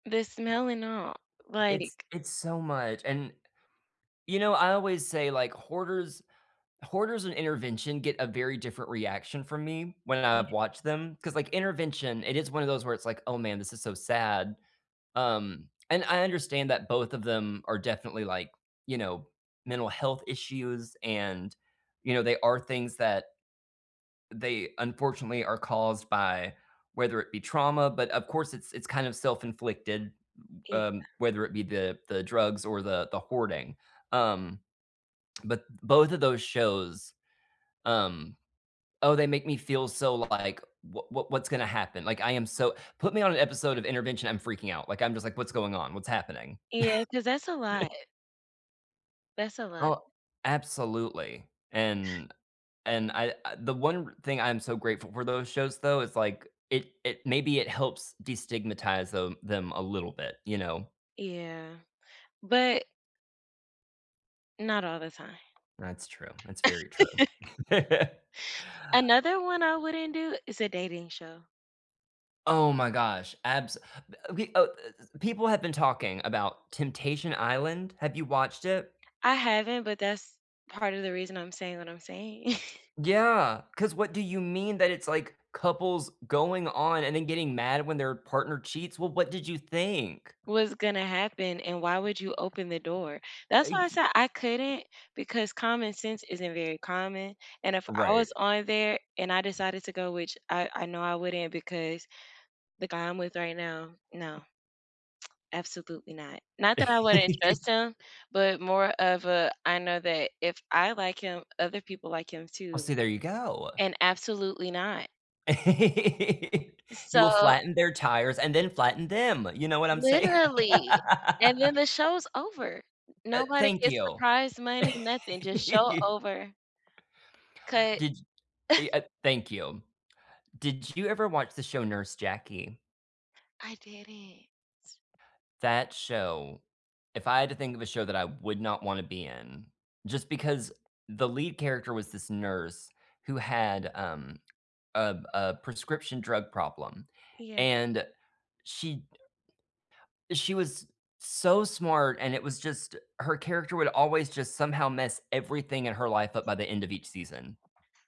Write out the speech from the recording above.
The smell and all, It's like it's so much, and, you know, I always say, like, Hoarders, Hoarders and Intervention get a very different reaction from me when I've Mhm. watched them, 'cause, like, Intervention, it is one of those where it's, like, "Oh, man, this is so sad," um, and I understand that both of them are definitely, like, you know, mental health issues and, you know, they are things that they unfortunately are caused by whether it be trauma, but of course it's it's kind of self-inflicted, Yeah. um, whether it be the the drugs or the the hoarding, um, but, both of those shows, um oh, they make me feel so, like, "What what what's gonna happen?" Like, I am so put me on an episode of Intervention, I'm freaking out. Like, I'm just like, "What's going on? What's happening?" Yeah, 'cause that's a lot. That's a lot. Oh, absolutely, and and I the one thing I'm so grateful for those shows though, is like, it it maybe it helps destigmatize the them a little bit, you know? Yeah, but Not all the time. That's true, that's very true. Another one I wouldn't do is a dating show. Oh, my gosh, abs e e people have been talking about Temptation Island, have you watched it? I haven't, but that's part of the reason I'm saying what I'm saying. Yeah, 'cause what do you mean that it's, like, couples going on and then getting mad when their partner cheats? Well, what did you think? Was gonna happen and why would you open the door. Uh, That's why I y said I couldn't because common sense isn't very common, and if I was Right. on there and I decided to go, which I I know I wouldn't because the guy I'm with right now, no., absolutely not. Not that I wouldn't trust him, but more of a, I know that if I like him, other people like him Oh see, too. there you go. And absolutely not. You will So flatten their tires and then flatten them, you know what I'm saying? Literally, and then the show's over. Uh, Nobody thank gets the you. prize money, nothing, just show over. Cut. Did eh, uh, thank you. Did you ever watch the show Nurse Jackie? I didn't. That show, if I had to think of a show that I would not wanna be in, just because the lead character was this nurse who had, um a a prescription drug problem Yeah. and she, she was s so smart, and it was just her character would always just somehow mess everything in her life up by the end of each season.